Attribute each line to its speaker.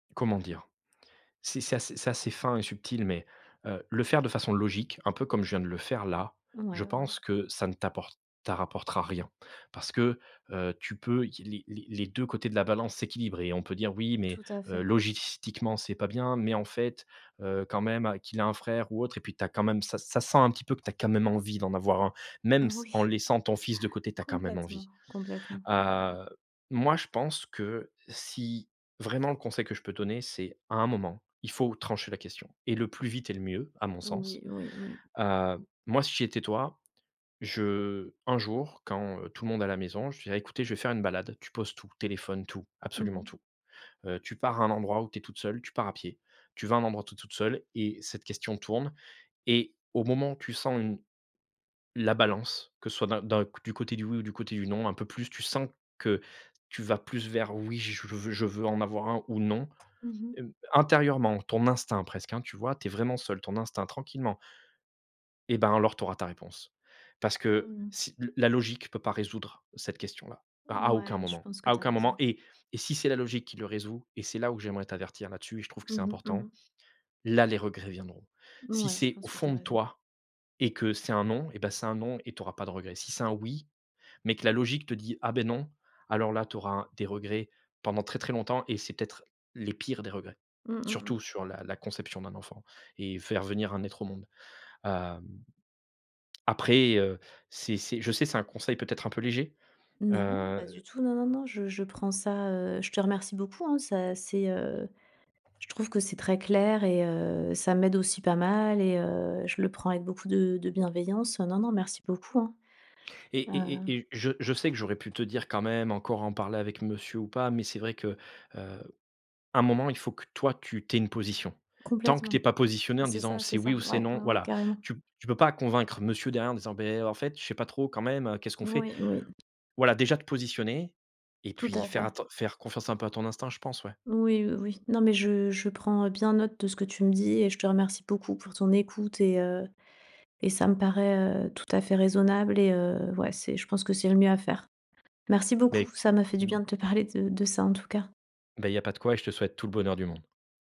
Speaker 1: Comment dire? C'est c'est ass c'est assez fin et subtil mais heu, le faire de façon logique un peu comme je viens de le faire là.
Speaker 2: Ouais,
Speaker 1: Je
Speaker 2: ouais, ouais.
Speaker 1: pense que ça ne t'apporte ta rapportera rien, parce que, heu, tu peux i les les les 2 côtés de la balance s'équilibrent et on peut dire: «Oui mais
Speaker 2: Tout à
Speaker 1: heu,
Speaker 2: fait.
Speaker 1: logistiquement c'est pas bien mais, en fait, heu, quand même, qu'il a un frère ou autre», et puis tu as quand même, ça ça sent un petit peu que tu as quand même envie d'en avoir un.
Speaker 2: Oui,
Speaker 1: Même ce, en laissant ton fils de côté, tu as quand même
Speaker 2: complètement,
Speaker 1: envie.
Speaker 2: complètement, ouais, ouais.
Speaker 1: Heu, moi je pense que si, vraiment un conseil que je peux donner, c'est à un moment il faut trancher la question et le plus vite est le mieux à mon
Speaker 2: Oui,
Speaker 1: sens.
Speaker 2: oui, oui, oui.
Speaker 1: Heu, moi si j'étais toi, je un jour quand, heu, tout le monde à la maison, je dirais: «Écoutez je vais faire une balade». Tu poses tout, téléphone, tout
Speaker 2: Mmh
Speaker 1: absolument
Speaker 2: mh.
Speaker 1: tout. Heu, tu pars à un endroit où tu es toute seule, tu pars à pied. Tu vas à un endroit où tu es toute seule et cette question tourne et au moment où tu sens une la balance que ce soit d'un d'un, c du côté du «oui» ou du côté du «non», un peu plus tu sens que, tu vas plus vers «oui, je veux je veux en avoir un ou non».
Speaker 2: Mmh mh.
Speaker 1: Hem, intérieurement, ton instinct presque, hein, tu vois? Tu es vraiment seule, ton instinct tranquillement Et ben alors, tu auras ta réponse. Parce que,
Speaker 2: Mmh.
Speaker 1: si le la logique peut pas résoudre cette question-là, à à aucun
Speaker 2: Mouais, je
Speaker 1: moment,
Speaker 2: pense que
Speaker 1: à
Speaker 2: tu as
Speaker 1: aucun moment
Speaker 2: raison.
Speaker 1: et et si c'est la logique qui le résout et c'est là où j'aimerais t'avertir là-dessus et je trouve que
Speaker 2: Mmh
Speaker 1: c'est
Speaker 2: mh, mmh
Speaker 1: important.
Speaker 2: mh.
Speaker 1: Là, les regrets viendront. Si
Speaker 2: Ouais, je
Speaker 1: c'est au
Speaker 2: pense que tu as
Speaker 1: fond de
Speaker 2: raison.
Speaker 1: toi et que c'est un «non» et bah c'est un «non» et tu auras pas de regrets. Si c'est un «oui», mais que la logique te dit: «Ah beh non». Alors là tu auras des regrets pendant très très longtemps et c'est peut-être les pires des regrets,
Speaker 2: Mmh, mmh
Speaker 1: surtout
Speaker 2: mh.
Speaker 1: sur la la conception d'un enfant et faire venir un être au monde. Hem, après, heu, c'est c'est je sais, c'est un conseil peut être un peu léger,
Speaker 2: Non, pas du
Speaker 1: heu
Speaker 2: tout, non, non, non, je je prends ça, heu, je te remercie beaucoup hein. Ça c'est, heu, je trouve que c'est très clair et heu, ça m'aide aussi pas mal et heu, je le prends avec beaucoup de de bienveillance, hein. Non, non, merci beaucoup, hein,
Speaker 1: Et et
Speaker 2: heu
Speaker 1: et et je je sais que j'aurais pu te dire quand même encore en parler avec monsieur ou pas, mais c'est vrai que, heu, à un moment il faut que toi, tu tu aies une position tant que tu es
Speaker 2: Complètement.
Speaker 1: pas positionnée en
Speaker 2: C'est
Speaker 1: disant
Speaker 2: ça,
Speaker 1: c'est
Speaker 2: c'est
Speaker 1: «oui
Speaker 2: ça.
Speaker 1: ou c'est
Speaker 2: Ouais,
Speaker 1: non»,
Speaker 2: ouais, ouais,
Speaker 1: voilà!
Speaker 2: carrément.
Speaker 1: Tu tu peux pas convaincre monsieur derrière en disant: «Beh, heu, en fait je sais pas trop quand même, heu, qu'est-ce qu'on fait?»
Speaker 2: Oui, oui.
Speaker 1: Voilà déjà te positionner et
Speaker 2: Tout
Speaker 1: puis
Speaker 2: à
Speaker 1: faire, faire
Speaker 2: fait.
Speaker 1: atten faire confiance un peu à ton instinct, je pense, ouais.
Speaker 2: Oui, oui, oui, non, mais je je prends bien note de ce que tu me dis et je te remercie beaucoup pour ton écoute et heu, et ça me paraît, heu, tout à fait raisonnable et heu, ouais c'est je pense que c'est le mieux à faire. Merci
Speaker 1: Beh
Speaker 2: beaucoup ça m'a fait du bien
Speaker 1: mmh.
Speaker 2: de te parler de de ça en tout cas.
Speaker 1: Beh, il y pas de quoi et je te souhaite tout le bonheur du monde.